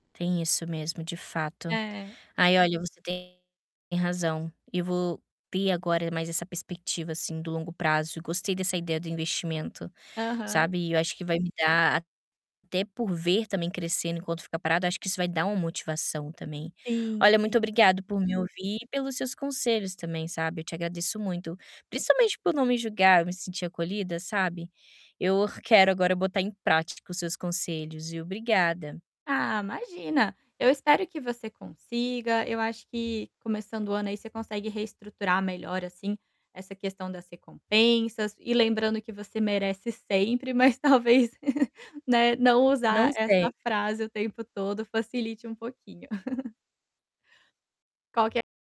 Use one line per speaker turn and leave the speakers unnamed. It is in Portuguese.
Tem isso mesmo, de fato.
É.
Aí olha, você tem razão. Eu vou ter agora mais essa perspectiva assim do longo prazo. Gostei dessa ideia do investimento,
Aham.
sabe. Eu acho que vai me dar, até por ver também crescendo enquanto ficar parado, acho que isso vai dar uma motivação também.
Sim,
Olha,
sim.
muito obrigado por me ouvir e pelos seus conselhos também, sabe. Eu te agradeço muito, principalmente por não me julgar. Eu me senti acolhida, sabe. Eu quero agora botar em prática os seus conselhos, viu. Obrigada.
Ah, imagina! Eu espero que você consiga. Eu acho que começando o ano aí, você consegue reestruturar melhor assim essa questão das recompensas. E lembrando que você merece sempre, mas talvez, né, não
Não
usar
sempre.
essa frase o tempo todo facilite um pouquinho. Qualquer